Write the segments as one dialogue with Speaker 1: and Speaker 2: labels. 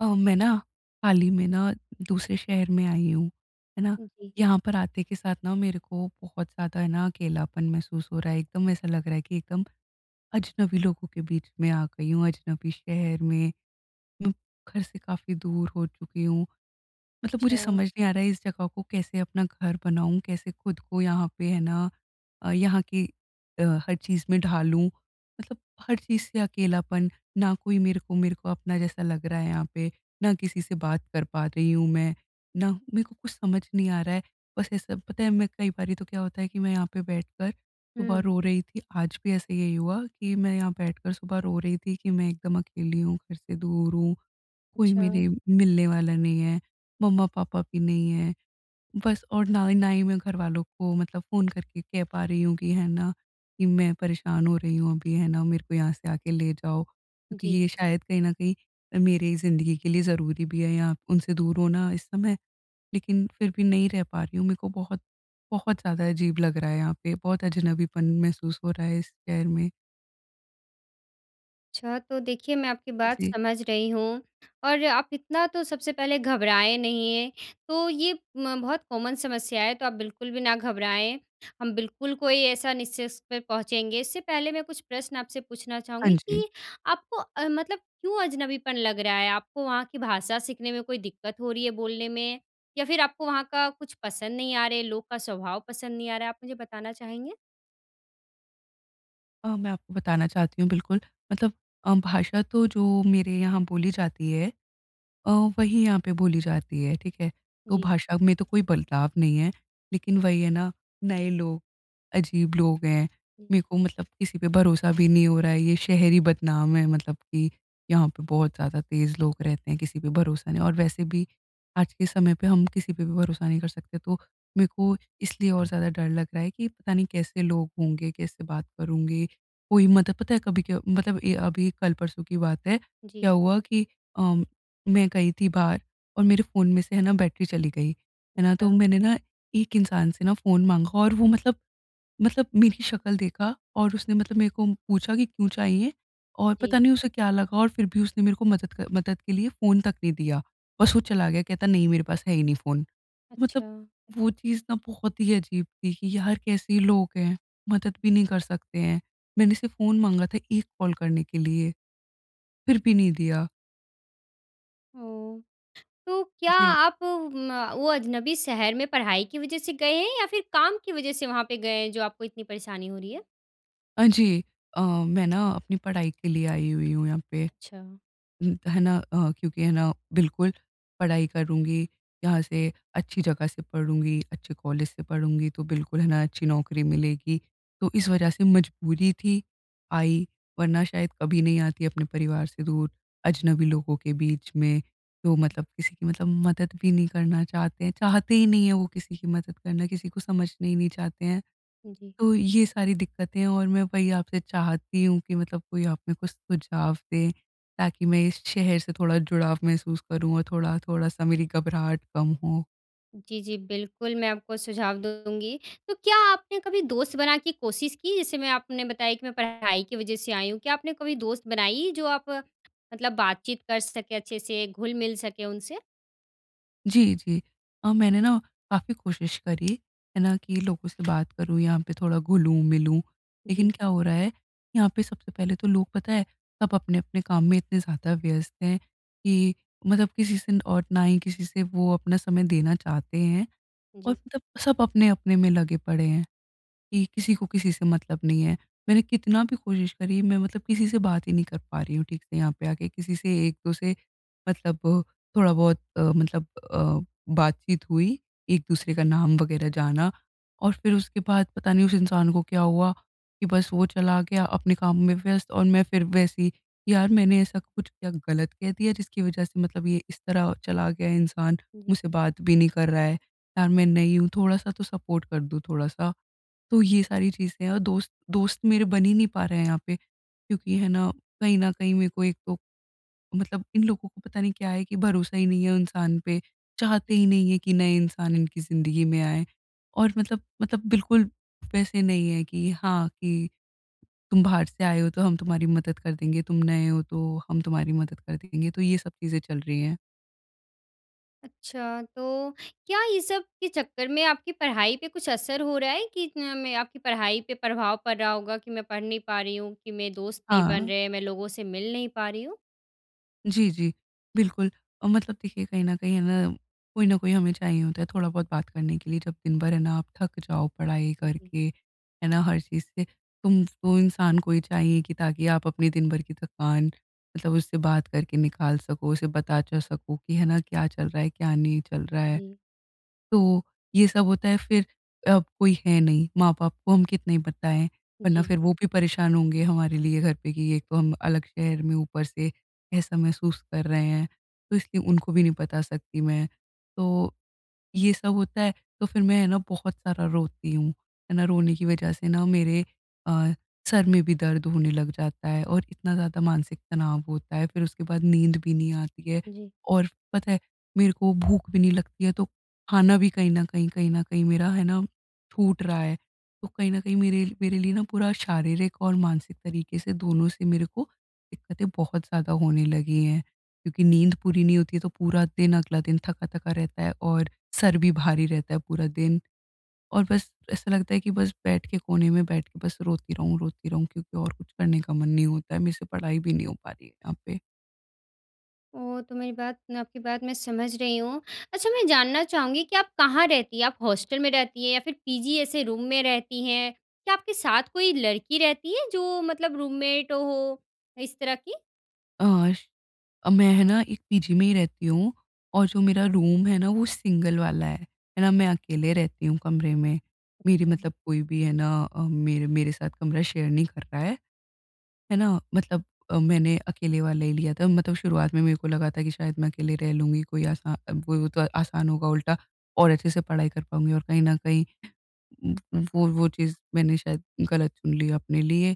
Speaker 1: अ, मैं ना हाल ही में ना दूसरे शहर में आई हूँ, है ना?
Speaker 2: उम, जी।
Speaker 1: यहाँ पर आते के साथ ना मेरे को बहुत ज़्यादा है ना अकेलापन महसूस हो रहा है। एकदम ऐसा लग रहा है कि एकदम अजनबी लोगों के बीच में आ गई हूँ, अजनबी शहर में। घर से काफ़ी दूर हो चुकी हूँ। मतलब मुझे
Speaker 2: अच्छा।
Speaker 1: समझ नहीं आ रहा इस जगह को कैसे अपना घर बनाऊँ? कैसे ख़ुद को यहाँ पे है ना अ, यहाँ की अ, हर चीज़ में ढालूँ? मतलब हर चीज़ से अकेलापन। ना कोई मेरे को मेरे को अपना जैसा लग रहा है यहाँ पे, ना किसी से बात कर पा रही हूँ मैं, ना मेरे को कुछ समझ नहीं आ रहा है। बस ऐसा पता है मैं कई बारी तो क्या होता है कि मैं यहाँ पे बैठकर सुबह
Speaker 2: हुँ।
Speaker 1: रो रही थी। आज भी ऐसा यही हुआ कि मैं यहाँ बैठकर सुबह रो रही थी कि मैं एकदम अकेली हूँ, घर से दूर हूँ, कोई
Speaker 2: अच्छा।
Speaker 1: मेरे मिलने वाला नहीं है, मम्मा-पापा भी नहीं हैं। बस और ना ही ना ही मैं घरवालों को मतलब फ़ोन करके कह पा रही हूँ कि, है ना कि मैं परेशान हो रही हूँ अभी, है ना, मेरे को यहाँ से आके ले जाओ। क्योंकि
Speaker 2: जी।
Speaker 1: ये शायद कहीं न कहीं मेरे ही ज़िन्दगी के लिए ज़रूरी भी है या उनसे दूर होना इस समय। लेकिन फिर भी नहीं रह पा रही हूँ। मेरे को बहुत बहुत ज़्यादा अजीब लग रहा है यहाँ पे। बहुत अजनबीपन महसूस हो रहा है इस शहर में।
Speaker 2: अच्छा, तो देखिए, मैं आपकी बात
Speaker 1: जी।
Speaker 2: समझ रही हूँ और आप इतना तो सबसे पहले घबराए नहीं, ये। तो ये म बहुत कॉमन समस्या है, तो आप बिल्कुल भी ना घबराएँ। हम बिल्कुल कोई ऐसा निष्कर्ष पे पहुँचेंगे। इससे पहले मैं कुछ प्रश्न आपसे पूछना
Speaker 1: हाँ
Speaker 2: चाहूँगी
Speaker 1: जी।
Speaker 2: कि आपको अ, मतलब क्यों अजनबीपन लग रहा है? आपको वहाँ की भाषा सीखने में कोई दिक्कत हो रही है, बोलने में? या फिर आपको वहाँ का कुछ पसंद नहीं आ रहे है, लोग का स्वभाव पसंद नहीं आ रहा? आप मुझे बताना चाहेंगे?
Speaker 1: अ, मैं आपको बताना चाहती हूँ, बिल्कुल। मतलब अ, भाषा तो जो मेरे यहाँ बोली जाती है अ, वही यहाँ पे बोली जाती है, ठीक है। तो
Speaker 2: जी।
Speaker 1: भाषा में तो कोई बदलाव नहीं है, लेकिन वही है ना, नए लोग अजीब लोग हैं,
Speaker 2: हुँ।
Speaker 1: मेरे को मतलब किसी पे भरोसा भी नहीं हो रहा है। ये शहर ही बदनाम है, मतलब कि यहाँ पे बहुत ज़्यादा तेज़ लोग रहते हैं, किसी पे भरोसा नहीं और वैसे भी, आज के समय पे हम किसी पे भी भरोसा नहीं कर सकते, तो मेरे को इसलिए और ज़्यादा डर लग रहा है कि पता नहीं, कैसे लोग होंगे, कैसे बात करेंगे। कोई मतलब पता है, कभी क्य मतलब ये अभी कल-परसों की बात है,
Speaker 2: जी।
Speaker 1: क्या हुआ कि अ, मैं गई थी बाहर और मेरे फ़ोन में से है ना, बैटरी चली गई, है ना? तो
Speaker 2: अच्छा।
Speaker 1: मैंने ना, एक इंसान से ना फ़ोन माँगा और वो मतलब मतलब मेरी शकल देखा और उसने मतलब मेरे को पूछा कि, "क्यों चाहिए?" और
Speaker 2: जी।
Speaker 1: पता नहीं, उसे क्या लगा और फिर भी उसने मेरे को मदद कर मदद के लिए फ़ोन तक नहीं दिया। बस वो चला गया, कहता, "नहीं, मेरे पास है ही नहीं फ़ोन।" मतलब
Speaker 2: अच्छा।
Speaker 1: वो चीज़ ना बहुत ही अजीब थी कि, "यार, कैसे लोग हैं? मदद भी नहीं कर सकते हैं। मैंने सिर्फ़ फ़ोन माँगा था, 1 कॉल करने के लिए। फिर भी नहीं दिया।"
Speaker 2: ओह! तो क्या
Speaker 1: जी।
Speaker 2: आप म वो अज़नबी शहर में पढ़ाई की वजह से गए हैं या फ़िर काम की वजह से वहाँ पे गए हैं, जो आपको इतनी परेशानी हो रही है?
Speaker 1: हाँ जी। अ, मैं ना अपनी पढ़ाई के लिए आई हुई हूँ यहाँ पे।
Speaker 2: अच्छा।
Speaker 1: उम, है ना अ, क्योंकि है ना बिल्कुल पढ़ाई करूँगी यहाँ से, अच्छी जगह से पढ़ूँगी, अच्छे कॉलेज से पढ़ूँगी, तो बिल्कुल है ना अच्छी नौकरी मिलेगी। तो इस वजह से मजबूरी थी आई, वरना शायद कभी नहीं आती अपने परिवार से दूर। अजनबी लोगों के बीच में, जो मतलब किसी की मतलब मदद भी नहीं करना चाहते हैं, चाहते ही नहीं है वो किसी की मदद करना, किसी को समझना ही नहीं चाहते हैं।
Speaker 2: जी।
Speaker 1: तो ये सारी दिक्कतें और मैं वही आपसे चाहती हूँ कि मतलब कोई आपने कुछ सुझाव दे, ताकि मैं इस शहर से थोड़ा जुड़ाव महसूस करूँ और थोड़ा-थोड़ा सा मेरी घबराहट कम हो।
Speaker 2: जी, जी। बिल्कुल, मैं आपको सुझाव दूँगी। तो क्या आपने कभी दोस्त बना की कोशिश की, जैसे मैं आपने बताया कि मैं पढ़ाई की वजह से आई हूँ। क्या आपने कभी दोस्त बनाई, जो आप मतलब बातचीत कर सके, अच्छे से घुल-मिल सके उनसे?
Speaker 1: जी, जी। अ, मैंने ना काफ़ी कोशिश करी है ना, कि लोगों से बात करूँ, यहाँ पे थोड़ा घुलूँ-मिलूँ।
Speaker 2: जी।
Speaker 1: लेकिन क्या हो रहा है यहाँ पे सबसे पहले तो लोग पता है सब अपने-अपने काम में इतने ज़्यादा व्यस्त हैं कि मतलब किसी से न और ना ही किसी से वो अपना समय देना चाहते हैं। और
Speaker 2: जी।
Speaker 1: मतलब सब अपने-अपने में लगे पड़े हैं कि किसी को किसी से मतलब नहीं है। मैंने कितना भी कोशिश करी मैं मतलब किसी से बात ही नहीं कर पा रही हूँ ठीक से यहाँ पे आके। किसी से एक दो से मतलब थोड़ा बहुत अ, मतलब अ, बातचीत हुई, एक दूसरे का नाम वगैरह जाना और फिर उसके बाद पता नहीं उस इंसान को क्या हुआ कि बस वो चला गया अपने काम में व्यस्त और मैं फिर वैसे ही यार मैंने ऐसा कुछ क्या गलत कह दिया जिसकी वजह से मतलब ये इस तरह चला गया इंसान
Speaker 2: जी।
Speaker 1: मुझसे बात भी नहीं कर रहा है। यार मैं नई हूँ, थोड़ा-सा तो सपोर्ट कर दो, थोड़ा-सा। तो ये सारी चीज़ें हैं। और दोस्त दोस्त मेरे बन ही नहीं पा रहे हैं यहाँ पे। क्योंकि है ना, कहीं न कहीं मेरे को एक तो मतलब इन लोगों को पता नहीं क्या है कि भरोसा ही नहीं है इंसान पे। चाहते
Speaker 2: जी।
Speaker 1: ही नहीं है कि नए इंसान इनकी ज़िंदगी में आए। और मतलब, मतलब बिल्कुल वैसे नहीं है कि हाँ, कि तुम बाहर से आए हो तो हम तुम्हारी मदद कर देंगे, तुम नए हो तो हम तुम्हारी मदद कर देंगे। तो ये सब चीज़ें चल रही है।
Speaker 2: अच्छा, तो क्या ये सब के चक्कर में आपकी पढ़ाई पर कुछ असर हो रहा है? कि मैं आपकी पढ़ाई पे प्रभाव पड़ रहा होगा कि मैं पढ़ नहीं पा रही हूँ, कि मेरे दोस्त नहीं बन
Speaker 1: हाँ।
Speaker 2: रहे हैं, मैं लोगों से मिल नहीं पा रही हूँ?
Speaker 1: जी, जी। बिल्कुल, अ, मतलब देखिए कहीं न कहीं है ना, कोई न कोई हमें चाहिए होता है थोड़ा बहुत बात करने के लिए। जब दिन भर है ना आप थक जाओ पढ़ाई
Speaker 2: उ, जी।
Speaker 1: करके, है ना हर चीज़ से तुम वो इंसान को ही चाहिए कि ताकि आप अपने दिन भर की थकान मतलब उससे बात करके निकाल सको, उसे बता च सको कि है ना क्या चल रहा है, क्या नहीं चल रहा है।
Speaker 2: जी।
Speaker 1: तो ये सब होता है फिर अब कोई है नहीं। माँ-बाप को हम कितनी बताएँ, वरना
Speaker 2: जी,
Speaker 1: फिर
Speaker 2: जी।
Speaker 1: वो भी परेशान होंगे हमारे लिए घर पे कि एक तो हम अलग शहर में ऊपर से ऐसा महसूस कर रहे हैं। तो इसलिए उनको भी नहीं बता सकती मैं। तो ये सब होता है तो फिर मैं है ना बहुत सारा रोती हूँ। है ना, रोने की वज़ह से ना मेरे अ, सर में भी दर्द होने लग जाता है। और इतना ज़्यादा मानसिक तनाव होता है फिर उसके बाद नींद भी नहीं आती है।
Speaker 2: जी।
Speaker 1: और पता है मेरे को भूख भी नहीं लगती है तो खाना भी कहीं न कहीं, कहीं न कहीं मेरा है ना छूट रहा है। तो कहीं न कहीं मेरे मेरे लिए ना पूरा शारीरिक और मानसिक तरीक़े से दोनों से मेरे को दिक्कतें बहुत ज़्यादा होने लगी हैं। क्योंकि नींद पूरी नहीं होती है तो पूरा दिन, अगला दिन थका-थका रहता है और सर भी भारी रहता है पूरा दिन। और बस ऐसा लगता है कि बस बैठ के कोने में बैठ के बस रोती रहूँ रोती रहूँ क्योंकि और कुछ करने का मन नहीं होता है। मेरे से पढ़ाई भी नहीं हो पा रही है यहाँ पे।
Speaker 2: ओह! तो मेरी बात मैं आपकी बात मैं समझ रही हूँ। अच्छा मैं जानना चाहूँगी कि आप कहाँ रहती हैं? आप हॉस्टल में रहती हैं? या फिर पीजी ऐसे रूम में रहती हैं? क्या आपके साथ कोई लड़की रहती है जो मतलब रूममेट हो, इस तरह की?
Speaker 1: अ, अ, मैं है ना एक पीजी में ही रहती हूँ। और जो मेरा रूम है ना वो सिंगल वाला है। है ना, मैं अकेले रहती हूँ कमरे में। मेरी
Speaker 2: अच्छा।
Speaker 1: मतलब कोई भी है ना अ, मेरे मेरे साथ कमरा शेयर नहीं करता है। है ना? मतलब अ, मैंने अकेले वाला ही लिया था। मतलब शुरुआत में मेरे को लगा था कि शायद मैं अकेले रह लूँगी कोई आसा वही होत आसान होगा उल्टा और अच्छे से पढ़ाई कर पाऊँगी और कहीं न कहीं उम, उ वो वो चीज़ मैंने शायद गलत चुन ली अपने लिए।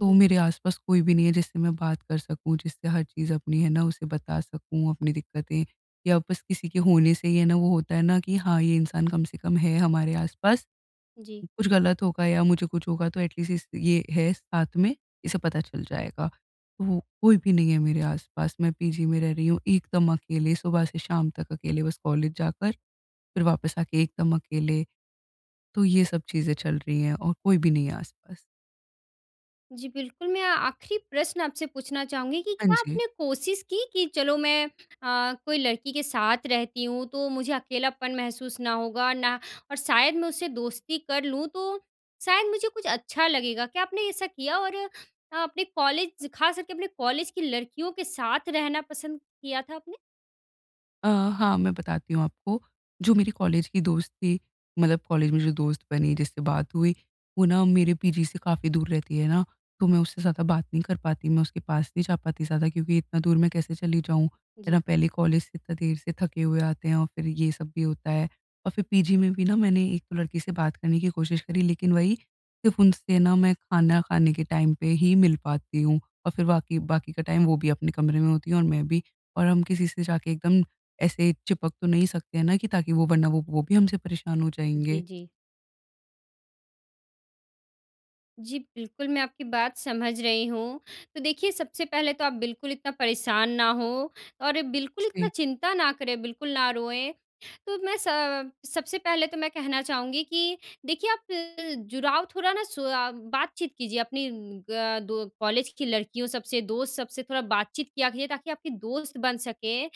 Speaker 1: तो मेरे आस-पास कोई भी नहीं है जिससे मैं बात कर सकूँ, जिससे हर चीज़ अपनी है ना उसे बता सकूँ अपनी दिक्कतें। या बस किसी के होने से ही है ना वो होता है ना कि हाँ ये इंसान कम से कम है हमारे आस-पास
Speaker 2: जी।
Speaker 1: कुछ गलत होगा या मुझे कुछ होगा तो एट लीस्ट इस ये है साथ में, इसे पता चल जाएगा। वो कोई भी नहीं है मेरे आस-पास। मैं पीजी में रह रही हूँ एकदम अकेले, सुबह से शाम तक अकेले बस कॉलेज जाकर फिर वापस आके एकदम अकेले। तो ये सब चीज़ें चल रही हैं और कोई भी नहीं है आस-पास।
Speaker 2: जी, बिल्कुल। मैं आखिरी प्रश्न आपसे पूछना चाहूँगी कि
Speaker 1: हाँ
Speaker 2: क्या
Speaker 1: जी।
Speaker 2: आपने कोशिश की कि चलो, मैं अ, कोई लड़की के साथ रहती हूँ, तो मुझे अकेलापन महसूस ना होगा, ना और शायद मैं उससे दोस्ती कर लूँ, तो शायद मुझे कुछ अच्छा लगेगा, क्या आपने ऐसा किया? और अपने कॉलेज ख़ास करके अपने कॉलेज की लड़कियों के साथ रहना पसंद किया था आपने?
Speaker 1: अ, हाँ, मैं बताती हूँ आपको। जो मेरी कॉलेज की दोस्त थी, मतलब कॉलेज में जो दोस्त बनी, जिससे बात हुई, वो ना मेरे पीजी से काफ़ी दूर रहती है ना, तो मैं उससे ज़्यादा बात नहीं कर पाती, मैं उसके पास नहीं जा पाती ज़्यादा क्योंकि इतना दूर मैं कैसे चली जाऊँ, है ना।
Speaker 2: जी।
Speaker 1: पहले कॉलेज से इतना देर से थके हुए आते हैं और फिर ये सब भी होता है। और फिर पीजी में भी ना मैंने एक तो लड़की से बात करने की कोशिश करी, लेकिन वही, सिर्फ़ उनसे ना मैं खाना खाने के टाइम पे ही मिल पाती हूँ। और फिर बाकी बाकी का टाइम वो भी अपने कमरे में होती है और मैं भी। और हम किसी से जाके एकदम ऐसे चिपक तो नहीं सकते हैं ना कि ताकि वो वरना वो वो भी हमसे परेशान हो जाएँगे।
Speaker 2: जी, जी। जी, बिल्कुल, मैं आपकी बात समझ रही हूँ। तो देखिए, सबसे पहले तो आप बिल्कुल इतना परेशान ना हों, और ये बिल्कुल इतना
Speaker 1: जी।
Speaker 2: चिंता ना करें, बिल्कुल ना रोएँ। तो मैं स अ, सबसे पहले तो मैं कहना चाहूँगी कि देखिए, आप जुड़ाव थोड़ा ना सुआ बातचीत कीजिए अपनी ग दो कॉलेज की लड़कियों सबसे, दोस्त सबसे, थोड़ा बातचीत किया कीजिए, ताकि आपकी दोस्त बन सकें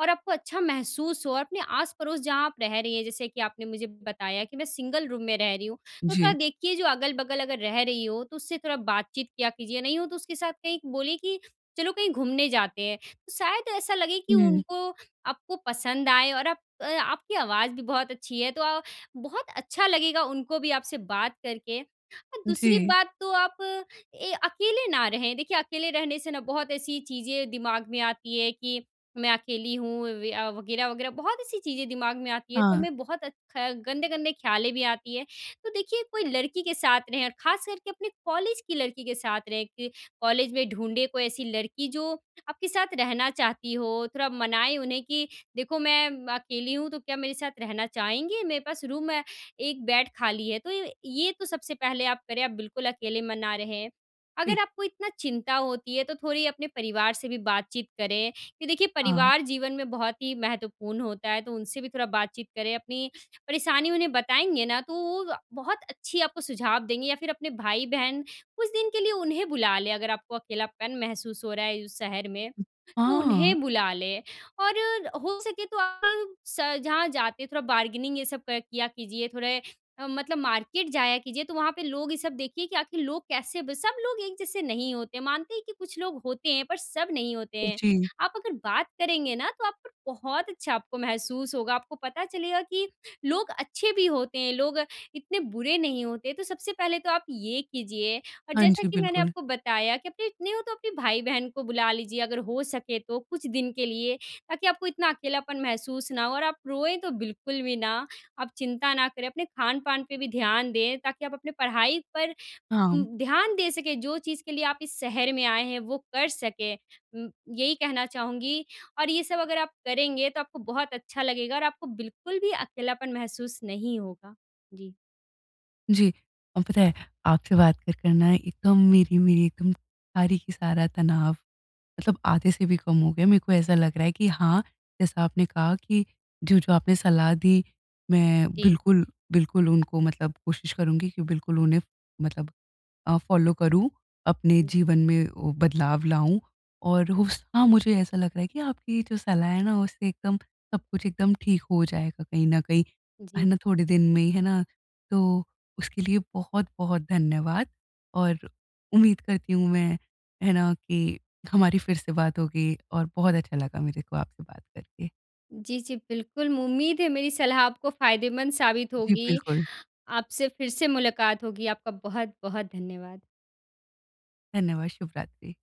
Speaker 2: और आपको अच्छा महसूस हो। और अपने आस-पड़ोस जहाँ आप रह रही हैं, जैसे कि आपने मुझे बताया कि, "मैं सिंगल रूम में रह रही हूँ।" तो थोड़ा
Speaker 1: जी।
Speaker 2: देखिए, जो अगल-बगल अगर रह रही हो, तो उससे थोड़ा बातचीत किया कीजिए। नहीं हो तो उसके साथ कहीं बोलिए कि चलो, कहीं घूमने जाते हैं। तो शायद ऐसा लगे कि
Speaker 1: हुँ।
Speaker 2: उनको आपको पसंद आए और आप आपकी आवाज़ भी बहुत अच्छी है, तो अ, बहुत अच्छा लगेगा उनको भी आपसे बात करके। और दूसरी
Speaker 1: जी।
Speaker 2: बात तो आप ए अकेले ना रहें। देखिए, अकेले रहने से ना बहुत ऐसी चीज़ें दिमाग में आती है कि मैं अकेली हूँ वया वग़ैरह-वग़ैरह, बहुत ऐसी चीज़ें दिमाग में आती हैं। तो
Speaker 1: हाँ।
Speaker 2: हमें बहुत अच ख गंदे-गंदे ख़्यालें भी आती हैं। तो देखिए, कोई लड़की के साथ रहें, और ख़ास करके अपने कॉलेज की लड़की के साथ रहें, कि कॉलेज में ढूँढ़े कोई ऐसी लड़की जो आपके साथ रहना चाहती हो। थोड़ा मनाएँ उन्हें कि, "देखो मैं अकेली हूँ, तो क्या मेरे साथ रहना चाहेंगे? मेरे पास रूम है, एक बेड खाली है।" तो ये ये, ये तो सबसे पहले आप करें, आप बिल्कुल अकेले में ना रहें। अगर
Speaker 1: ठीक।
Speaker 2: आपको इतना चिंता होती है, तो थोड़ी अपने परिवार से भी बातचीत करें कि देखिए,
Speaker 1: हाँ।
Speaker 2: परिवार जीवन में बहुत ही महत्वपूर्ण होता है, तो उनसे भी थोड़ा बातचीत करें। अपनी परेशानी उन्हें बताएँगे ना, तो वो बहुत अच्छी आपको सुझाव देंगे, या फिर अपने भाई-बहन, कुछ दिन के लिए उन्हें बुला लें अगर आपको अकेलापन महसूस हो रहा है उस शहर में। तो
Speaker 1: हाँ।
Speaker 2: उन्हें बुला लें, और र हो सके तो आप स जहाँ जाते, थोड़ा बारगेनिंग ये सब क किया कीजिए, थोड़े अ, मतलब मार्केट जाया कीजिए, तो वहाँ पे लोग ये सब देखिए कि आखिर लोग कैसे ब सब लोग एक जैसे नहीं होते हैं, मानते हैं कि कुछ लोग होते हैं, पर सब नहीं होते हैं।
Speaker 1: जी।
Speaker 2: आप अगर बात करेंगे ना, तो आप पर बहुत अच्छा आपको महसूस होगा। आपको पता चलेगा कि लोग अच्छे भी होते हैं, लोग इतने बुरे नहीं होते। तो सबसे पहले तो आप ये कीजिए, और
Speaker 1: हाँ
Speaker 2: जैसा
Speaker 1: जी,
Speaker 2: कि मैंने
Speaker 1: बिल्कुल।
Speaker 2: आपको बताया कि अपने इतने हो तो अपने भाई-बहन को बुला लीजिए अगर हो सके तो कुछ दिन के लिए, ताकि आपको इतना अकेलापन महसूस ना हो। और आप रोएँ तो बिल्कुल भी ना, आप चिंता ना करें, अपने खान-पान पे भी ध्यान दें ताकि आप अपनी पढ़ाई पर उ
Speaker 1: हाँ।
Speaker 2: ध्यान दे सकें। जो चीज़ के लिए आप इस शहर में आए हैं, वो कर सकें उ यही कहना चाहूँगी। और ये सब अगर आप करेंगे, तो आपको बहुत अच्छा लगेगा और आपको बिल्कुल भी अकेलापन महसूस नहीं होगा। जी।
Speaker 1: जी। और पता है, आपसे बात कर कर ना है एकदम मेरी मेरी एकदम सारी की सारा तनाव मतलब आधे से भी कम हो गया है। मेरे को ऐसा लग रहा है कि हाँ, जैसा आपने कहा कि जो-जो आपने सलाह दी, मैं
Speaker 2: जी।
Speaker 1: बिल्कुल, बिल्कुल उनको मतलब कोशिश करुँगी कि बिल्कुल उन्हें फ मतलब अ, फ़ॉलो करूँ, अपने
Speaker 2: हुँ।
Speaker 1: जीवन में वो बदलाव लाऊँ। और उस हाँ, मुझे ऐसा लग रहा है कि आपकी ये जो सलाह है ना, उससे एकदम सब कुछ एकदम ठीक हो जाएगा कहीं न कहीं, है
Speaker 2: जी।
Speaker 1: ना, थोड़े दिन में ही, है ना। तो उसके लिए बहुत-बहुत धन्यवाद, और उम्मीद करती हूँ मैं, है ना, कि हमारी फिर से बात होगी, और बहुत अच्छा लगा मेरे को आपसे बात करके।
Speaker 2: जी, जी। बिल्कुल। उम्मीद है मेरी सलाह आपको फ़ायदेमंद साबित
Speaker 1: जी,
Speaker 2: होगी,
Speaker 1: बिल्कुल।
Speaker 2: आपसे फिर से मुलाकात होगी। आपका बहुत-बहुत धन्यवाद।
Speaker 1: धन्यवाद, शुभरात्रि।